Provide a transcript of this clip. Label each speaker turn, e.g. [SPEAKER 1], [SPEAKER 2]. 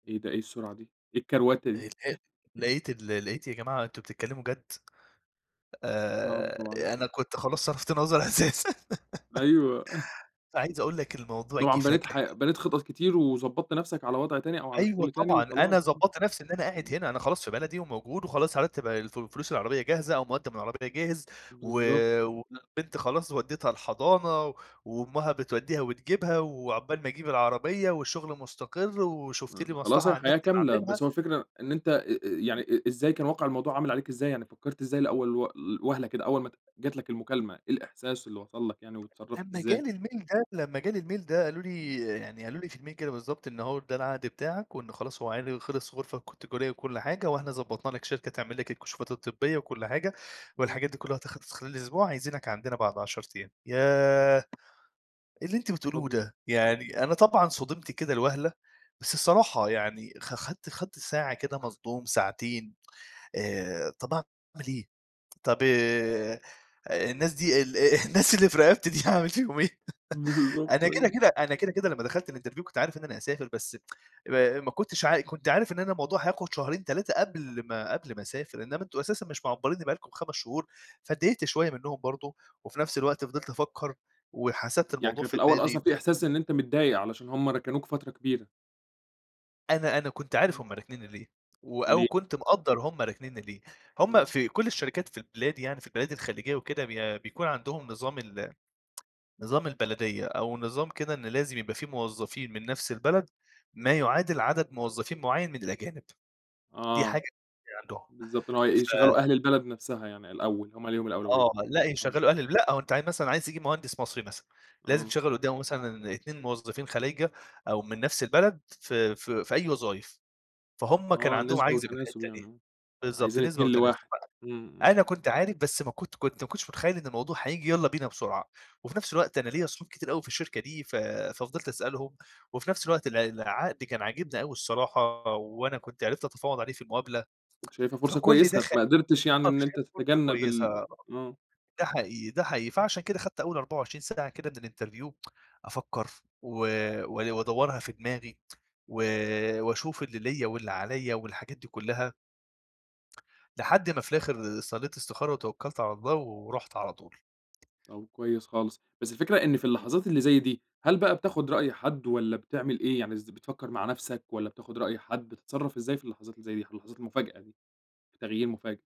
[SPEAKER 1] إيه ده، إيه السرعة دي؟ إيه الكروَتة دي؟
[SPEAKER 2] [unintelligible] -لقيت ال لقيت يا جماعة أنتم بتتكلموا جد؟
[SPEAKER 1] نَعَم
[SPEAKER 2] آآ
[SPEAKER 1] طبعًا.
[SPEAKER 2] أنا كنت خلاص صرفت نظر أساسًا.
[SPEAKER 1] أيوه.
[SPEAKER 2] فعايز أقول لك الموضوع جِه
[SPEAKER 1] طبعًا
[SPEAKER 2] فجأة
[SPEAKER 1] بنيت
[SPEAKER 2] كده.
[SPEAKER 1] ح بنيت خطط كتير وضبّطت نفْسك على وضع تاني، أو على
[SPEAKER 2] أيوه
[SPEAKER 1] شغل تاني
[SPEAKER 2] طبعًا أنا
[SPEAKER 1] وخلاص آه،
[SPEAKER 2] ضبّطت نفْسي إن أنا قاعد
[SPEAKER 1] إمم.
[SPEAKER 2] هنا، أنا خلاص في بلدي وموجود وخلاص هرتّب الفُ فلوس العربية جاهزة أو مُقدّم العربية جاهز، و
[SPEAKER 1] بالضبط.
[SPEAKER 2] والبنت خلاص ودّيتها الحضانة، وأمّها بتودّيها وتجيبها، وعقبال ما أجيب العربية والشغل مستقر،
[SPEAKER 1] م
[SPEAKER 2] وشُفت لي
[SPEAKER 1] ما
[SPEAKER 2] مصلحة
[SPEAKER 1] خلاص
[SPEAKER 2] على النت
[SPEAKER 1] الحياة كاملة،
[SPEAKER 2] باعملها
[SPEAKER 1] بس هو الفكرة إن أنت أ أ يعني أ إزاي كان واقع الموضوع عامل عليك إزاي؟ يعني فكّرت إزاي لأول و ل وهلة كده أول ما ات جات لك المكالمة، إيه الإحساس اللي وصل لك يعني، واتصرّفت
[SPEAKER 2] لمّا
[SPEAKER 1] إزاي؟
[SPEAKER 2] جالي الmail ده لمّا جالي الmail ده قالوا لي،
[SPEAKER 1] [unintelligible]
[SPEAKER 2] يعني قالوا لي في الmail كده بالضبط، إن هو ده العقد بتاعك، وإن خلاص هو عقدي خِلص غرفة ك تجارية وكلّ حاجة، وإحنا ضبّطنا لك شركة تعمل لك الكشوفات الطبية وكلّ حاجة،
[SPEAKER 1] آه.
[SPEAKER 2] والحاجات دي كُلّها هتخلص في خلال أسبوع، عايزينك عندنا بعد 10 أيام، ياه! إيه اللي أنتم بتقولوه
[SPEAKER 1] approve.
[SPEAKER 2] ده؟ يعني أنا طبعًا صُدمت كده لوهلة، بس الصراحة يعني خ خدت خدت ساعة كده مصدوم ساعتين، آآ طب أعمل إيه؟ طب آآ الناس دي ال الناس اللي في رقبتي دي هاعمل فيهم إيه؟
[SPEAKER 1] بالضبط،
[SPEAKER 2] أنا كده،
[SPEAKER 1] أيوه.
[SPEAKER 2] كده أنا كده، كده، لمّا دخلت الإنترفيو كنت عارف إن أنا هاسافر بس ما ما كُنتش عا كُنت عارف إن أنا الموضوع هياخد شهرين، 3 قبل ما قبل ما أسافر، إنّما أنتم أساسا مش معبّرينّي بقى لكم 5 شهور، فاتضايقت شوية منهم برضه، وفي نفْس الوقت فضلت أفَكّر وحسبت
[SPEAKER 1] يعني
[SPEAKER 2] الموضوع
[SPEAKER 1] كان في
[SPEAKER 2] في
[SPEAKER 1] الأول
[SPEAKER 2] دماغي
[SPEAKER 1] أصلًا في إحساس إن
[SPEAKER 2] [unintelligible]
[SPEAKER 1] أنت متضايق علشان هُم ركنوك فترة كبيرة؟
[SPEAKER 2] أنا أنا كنت عارف
[SPEAKER 1] إمم.
[SPEAKER 2] هُم راكنينّي ليه و أو
[SPEAKER 1] ليه؟
[SPEAKER 2] كنت مقدّر هُم راكنينّي ليه، هُم
[SPEAKER 1] آه.
[SPEAKER 2] في كلّ الشركات في البلاد يعني في البلاد الخليجية وكده بي بيكون عندهم نظام ال نظام البلدية، أو نظام كده إن لازم يبقى في موظّفين من نفْس البلد، ما يُعادل عدد موظّفين مُعيّن من الأجانب. دي حاجة
[SPEAKER 1] آه،
[SPEAKER 2] عندهم
[SPEAKER 1] بالضبط إن هو ي
[SPEAKER 2] ف
[SPEAKER 1] يشغّلوا أهل البلد نفْسها يعني الأول، هُم ليهم الأولوية.
[SPEAKER 2] آه، لأ
[SPEAKER 1] آه.
[SPEAKER 2] يشَغّلوا أهل الب لأ هو أنت عا مثلًا عايز تجيب مهندس مصري مثلًا، لازم
[SPEAKER 1] آه.
[SPEAKER 2] تشَغّل قُدّامه مثلًا ان اتنين موظّفين خلايجة أو من نفْس البلد في في في أي وظايف، فهُم كان
[SPEAKER 1] آه
[SPEAKER 2] عندهم
[SPEAKER 1] نسبة
[SPEAKER 2] عجز في
[SPEAKER 1] وتناسب
[SPEAKER 2] الحِتّة
[SPEAKER 1] يعني
[SPEAKER 2] دي،
[SPEAKER 1] آه،
[SPEAKER 2] بالضبط،
[SPEAKER 1] عايزين
[SPEAKER 2] نسبة
[SPEAKER 1] 2
[SPEAKER 2] وتناسب،
[SPEAKER 1] ل1، إمم، إمم.
[SPEAKER 2] أنا كنت عارف بس ما كنت كنت ما كنتش متخيّل إن الموضوع هييجي يالّا بينا بسرعة، وفي نفْس الوقت أنا ليَّ صحاب كتير أوي في الشركة دي ف ففضِلت أسألهم، وفي نفْس الوقت الع العقد كان عاجبني أوي الصراحة وأنا كنت عِرفت أتفاوض عليه في المقابلة،
[SPEAKER 1] كُنت شايفها فرصة
[SPEAKER 2] فكلّ ده
[SPEAKER 1] كويسة،
[SPEAKER 2] خ
[SPEAKER 1] فما قِدرتِش يعني
[SPEAKER 2] آه
[SPEAKER 1] إن أنت
[SPEAKER 2] وشايفها فرصة
[SPEAKER 1] تتجنب
[SPEAKER 2] كويسة
[SPEAKER 1] ال
[SPEAKER 2] آه،
[SPEAKER 1] آه.
[SPEAKER 2] ده حقيقي، ده حقيقي، فعشان كده خدت أول 24 ساعة كده من الإنترفيو، أفكّر و و وأدوّرها في دماغي و وأشوف اللي ليَّ واللي عليَّ والحاجات دي كَلّها لحد ما في الآخر صلّيت إستخارة وتوكّلت على الله ورُحت على طول.
[SPEAKER 1] طب كويس خالص، بس الفكرة إن في اللحظات اللي زي دي، هل بقى بتاخد رأي حد والّا بتعمل إيه؟ يعني إز بتفكّر مع نفْسك والّا بتاخد رأي حد، بتتصرّف إزاي في اللحظات اللي زي دي؟ ح لحظات مفاجأة دي، تغيير مفاجئ.